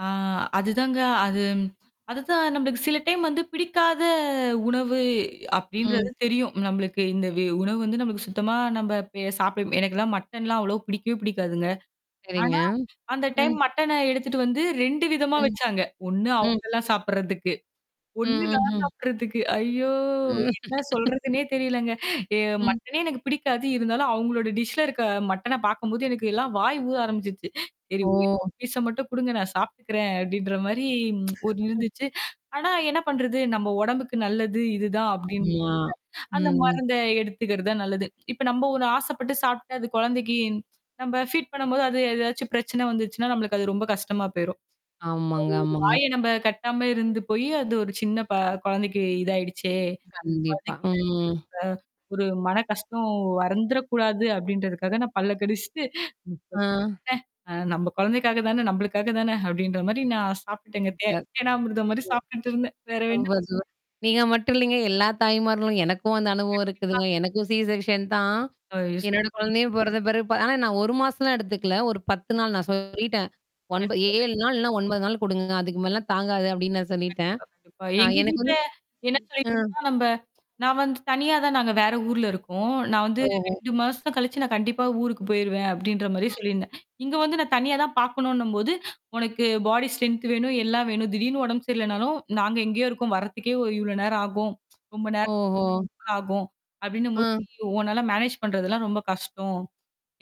ஆ, அதுதாங்க. அதும் அதுதான் நம்மளுக்கு சில டைம் வந்து பிடிக்காத உணவு அப்பிடின்றது ம். தெரியும். நம்மளுக்கு இந்த வெ உணவு வந்து நம்மளுக்கு சுத்தமா நம்ம பெ சாப்பிட எனக்கெல்லாம் மட்டன்லாம் அவ்ளோ பிடிக்கவே பிடிக்காதுங்க. சரிங்க. ஆனா, அந்த டைம் ம் மட்டன எடுத்துட்டு வந்து 2 விதமா ம், வச்சாங்க. ஒண்ணு ம். அவுங்களாம் சாப்பிட்றதுக்கு. ம், ஒண்ணு நான் ம்ஹ்ம். சாப்பிட்றதுக்கு ஐயோ! ம். என்ன சொல்றதுனே தெரியலங்க. ஏ ம். மட்டனே எனக்கு பிடிக்காது. இருந்தாலும் அவுங்ளோட டிஷ்ல இருக்க மட்டன பார்க்கும்போது, எனக்கு எல்லாம் வாய் ஊற ஆரம்பிச்சிருச்சு. சரி. ஒரே ஓ! ஒரு பீஸ்ஸ மட்டும் கொடுங்க, நான் சாப்பிட்டுக்கிறேன், அப்பிடின்றமாரி ஒண்ணு இருந்துச்சு. ஆனா என்ன பண்றது? நம்ம உடம்புக்கு நல்லது இது தான் அப்பிடின்னு, ஆமா. அந்த ம். மருந்த எடுத்துக்கிறது தான் நல்லது. இப்ப நம்ம ஒண்ணு ஆசைப்பட்டு சாப்பிட்டு அது குழந்தைக்கு நம்ம ஃபீட் பண்ணும்போது அது ஏதாவது பிரச்சன வந்துச்சுன்னா, நமக்கு அது ரொம்ப கஷ்டமா போயிரும். அது, ஆமாங்க, ஒரு ஆமாங்க. வாய நம்ம கட்டாம இருந்து போய் அது ஒரு சின்னப குழந்தைக்கு இதாயிடுச்சே! கண்டிப்பா. குழந்தைக்கு இதாச்சா ம். இந்த ஒரு மன கஷ்டம் வந்துறக்கூடாது அப்பிடின்றதுக்காக நான் பல்ல கடிச்சிட்டு, ஆ. [unintelligible] அ நம்ம குழந்தைக்காக தான, நம்மளுக்காக தான அப்பிடின்ற மாதிரி நான் சாப்பிட்டுட்டேன்ங்க. தே சூப்பர். தேனாமிருதம்மாரி சாப்பிட்டுட்டு இருந்தேன். வேற என்ன [unintelligible] சூப்பர், சூப்பர். நீங்க மட்டும் இல்லேங்க. எல்லா தாய்மார்களும் எனக்கும் அந்த அனுபவம் கண்டிப்பா. இருக்குதுங்க. கண்டிப்பாங்க. எனக்கும் சிசெர்க்ஷன் தான். ஓ! எஸ் என்னோட குழந்தையும் பிறந்த பிறகு ஆனா நான் 1 மாசம்லாம் எடுத்துக்கல. ஒரு 10 [unintelligible] நாள் நான் சொல்லிட்டேன். ஒன்ப ஏ கண்டிப்பா, 7 கண்டிப்பா. நாள் இல்லனா, 9 நாள் கொடுங்க. அதுக்கு மேலலாம் தாங்காது, அப்பிடின்னு நான் சொல்லிட்டேன். கண்டிப்பா, கண்டிப்பா. ஆ எங்க எனக்கு வீட்ல வந்து எனக்கா ஆ. இப்ப நம்ம நான் வந்து தனியா தான் நாங்க வேற ஊர்ல இருக்கோம். நான் வந்து ஓஹோ! 2 மாசம் கழிச்சு நான் கண்டிப்பா ஊருக்கு போயிருவேன், அப்பிடின்றமாரி அ. சொல்லியிருந்தேன். இங்க வந்து நான் தனியா தான் பார்க்கணுன்னும்போது, உனக்கு பாடி ஸ்ட்ரெங்த் வேணும், எல்லாம் வேணும். திடீர்ன்னு உடம்பு சரியில்லனாலும் நாங்க எங்கேயோ இருக்கோம் வர்றதுக்கே இவ் இவ்ளோ நேரம் ஆகும். ரொம்ப ஓஹோ! நேரம் ஆகும். அப்பிடின்னம்போது ஆ. நீ உன்னால மேனேஜ் பண்ணுறதெல்லாம் ரொம்ப கஷ்டம்.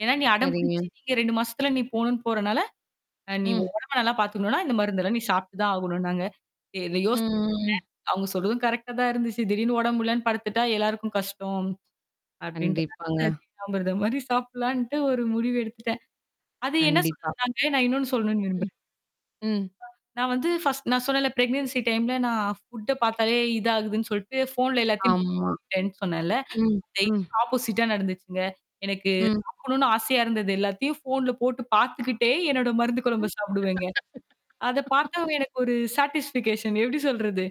ஏன்னா, நீ சரிங்க. அடம்பிடிச்சி இங்க 2 மாசத்துல நீ போணுன்னு போறனால, அ நீ! ம். உன் உடம்ப நல்லா பார்த்துக்கணுனா, இந்த மருந்தெல்லாம் நீ சாப்பிட்டு தான் ஆகணுனாங்க. இ இத ம், யோசிச்சன் ம், ம். அவுங்க சொல்றதும் கரெக்ட்டா தான் இருந்துச்சு. திடீர்ன்னு உடம்பு முடியலன்னு படுத்துட்டா, எல்லாருக்கும் கஷ்டம். கண்டிப்பாங்க. அப்பிடின்றதனால, தேனாமிர்தம்மாரி சாப்புட்லான்ட்டு ஒரு முடிவு எடுத்துட்டேன். அது என்ன கண்டிப்பா. சொல்றது நான் இன்னொன்னு சொல்லணுன்னு விரும்புறேன். ம். ம். நான் வந்து பர்ஸ்ட் நான் சொன்னேன்ல, ப்ரெக்னன்சி டைம்ல நான் புட்ட பார்த்தாலே இதாதுன்னு சொல்ட்டு ஃபோன்ல எல்லாத்தையும் ஆமா. அனுப்பிட்டேன்னு சொன்னேன்ல. ம், டெய்லி ம். ஆப்போசிட்டா நடந்துச்சுங்க. எனக்கு ம். சாப்பிடணுன்னு ஆசையா இருந்தது. எல்லாத்தையும் ஃபோன்ல போட்டு பார்த்துக்கிட்டே, என்னோட மருந்து குழம்ப ம். சாப்பிடுவேங்க. அத பார்த்தாவே எனக்கு ஒரு சேட்டிஸ்பிகேஷன் எப்பிடி சொல்றது?